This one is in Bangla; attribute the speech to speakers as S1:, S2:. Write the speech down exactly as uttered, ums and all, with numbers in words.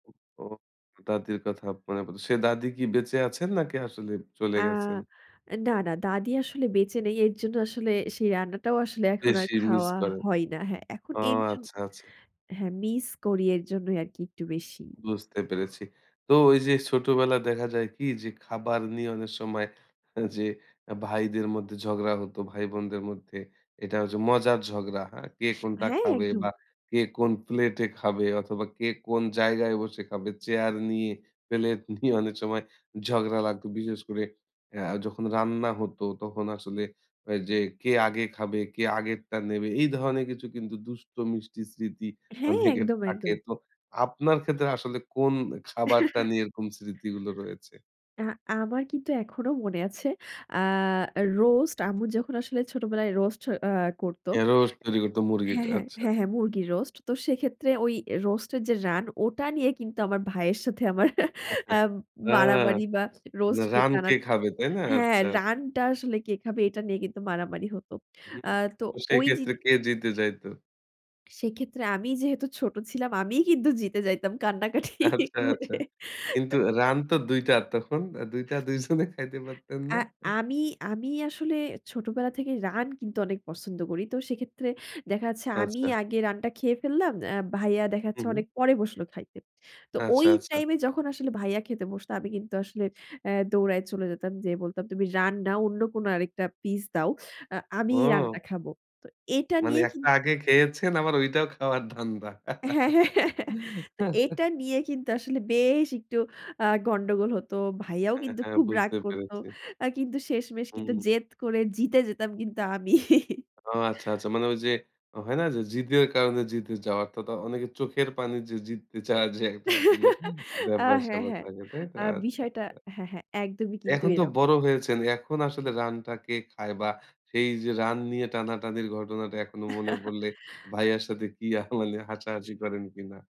S1: উ ও! দাদির কথা পরে প দা সে দাদি কি বেঁচে আছেন নাকি আসলে চলে
S2: আ
S1: গেছেন?
S2: এ না, না দাদি আসলে বেঁচে নেই। এর জন্য আসলে সেই রান্নাটাও আসলে এখন আর
S1: বেশি মিস
S2: খাওয়া
S1: করেন।
S2: হয় না হ্যাঁ, এখন
S1: ও!
S2: এর জন্য
S1: আচ্ছা, আচ্ছা।
S2: হ্যাঁ, মিস করি এর জন্যই আরকি একটু বেশি।
S1: বুঝতে পেরেছি। তো ওইযে ছোটবেলায় দেখা যায় কি? যে খাবার নিয়ে অনেক সময় যে এ ভাইদের মধ্যে ঝগড়া হত, ভাই-বোনদের মধ্যে। এটা হচ্ছে মজার ঝগড়া, হ্যাঁ? কে কোনটা
S2: হ্যাঁ,
S1: খাবে বা
S2: একদম।
S1: কে কোন প্লেট খাবে অথবা কে কোন জায়গায় বসে খাবে? চেয়ার নিয়ে। প্লেট নিয়ে অনেক সময় ঝগড়া লাগতো। বিশেষ করে আ যখন রান্না হতো তখন আসলে আ যে কে আগে খাবে, কে আগেরটা নেবে? এই ধরনের কিছু কিন্তু দুষ্ট-মিষ্টি স্মৃতি
S2: হ্যাঁ,
S1: অনেকের
S2: একদম,
S1: থাকে।
S2: একদম।
S1: তো আপনার ক্ষেত্রে আসলে কোন এ খাবারটা নিয়ে এরকম স্মৃতিগুলো রয়েছে?
S2: আ আমার কিন্তু এখনো মনে আছে। আ রোস্ট, আম্মু যখন আসলে ছোটবেলায় রোস্ট আ করত
S1: এ রোস্ট তৈরি করত
S2: হ্যাঁ,
S1: মুরগিটা।
S2: হ্যাঁ,
S1: আচ্ছা।
S2: হ্যাঁ, হ্যাঁ মুরগির রোস্ট। তো সেক্ষেত্রে ওই রোস্ট এর যে রান ওটা নিয়ে কিন্তু আমার ভাইয়ের সাথে আমার অ্যা
S1: হ্যাঁ।
S2: মারামারি বা
S1: এ
S2: রোস্ট নিয়ে
S1: রান
S2: টানা
S1: কে খাবে, তাই না?
S2: হ্যাঁ,
S1: আচ্ছা।
S2: রানটা আসলে কে খাবে? এটা নিয়ে কিন্তু মারামারি হত।
S1: হুম।
S2: অ্যা তো
S1: তো সেই
S2: ওই
S1: ক্ষেত্রে
S2: জিনি
S1: কে জিতে যাইত?
S2: সেক্ষেত্রে আমি যেহেতু ছোট ছিলাম আমিই কিন্তু জিতে যাইতাম কান্নাকাটি
S1: আচ্ছা,
S2: করে।
S1: আচ্ছা। কিন্তু
S2: এ
S1: রান তো দুই টা, তখন? দুই টা দুই জনে খাইতে পারতেন না?
S2: অ্যা আমি, আমি আসলে ছোটবেলা থেকে রান কিন্তু অনেক পছন্দ করি। তো সেক্ষেত্রে দেখা যাচ্ছে আমিই
S1: আচ্ছা।
S2: আগে রান্না খেয়ে ফেললাম। অ্যা ভাইয়া দেখা
S1: হু,
S2: যাচ্ছে
S1: হু।
S2: অনেক পরে বসলো খাইতে। তো
S1: আচ্ছা,
S2: ওই
S1: আচ্ছা।
S2: টাইম এ যখন আসলে ভাইয়া খেতে বসত আমি কিন্তু আসলে অ্যা দৌড়ায় চলে যেতাম, যেয়ে বলতাম, "তুমি রান না অন্য কোনো আরেকটা পিস দাও। আ আমিই
S1: ও।
S2: রান্না খাবো।" তো এটা
S1: মানে
S2: নিয়ে কিন
S1: একটা আগে খেয়েছেন আবার ঐটাও খাওয়ার ধান্দা।
S2: হ্যাঁ, হ্যাঁ। তো এটা নিয়ে কিন্তু আসলে বেশ একটু আ গন্ডগোল হতো। ভাইয়াও
S1: হ্যাঁ,
S2: কিন্তু
S1: হ্যাঁ
S2: খুব রাগ
S1: বুঝতে
S2: করত।
S1: পেরেছি।
S2: আ কিন্তু শেষমেশ কিন্তু
S1: হুম।
S2: জেদ করে জিতে যেতাম কিন্তু আমি।
S1: ও! আচ্ছা, আচ্ছা। মানে ওইযে হয় না? যে, জিদের কারণে জিতে যাওয়ার তো তো অনেকে চোখের পানি যে জিততে চাওয়ার যে একটা আসলে
S2: আ হ্যাঁ,
S1: ব্যাপার-স্যাপার
S2: হ্যাঁ,
S1: থাকে। তাই তো?
S2: আ
S1: আচ্ছা,
S2: বিষয়টা
S1: আচ্ছা।
S2: হ্যাঁ, হ্যাঁ একদমই কিন্তু
S1: এখন তো
S2: এরকম।
S1: বড় হয়েছেন। এখন আসলে রানটা কে খায়? বা সেই যে রান নিয়ে টানাটানির ঘটনাটা এখনো মনে পড়লে। ভাইয়ার সাথে কি আ মানে হাসাহাসি করেন কিনা?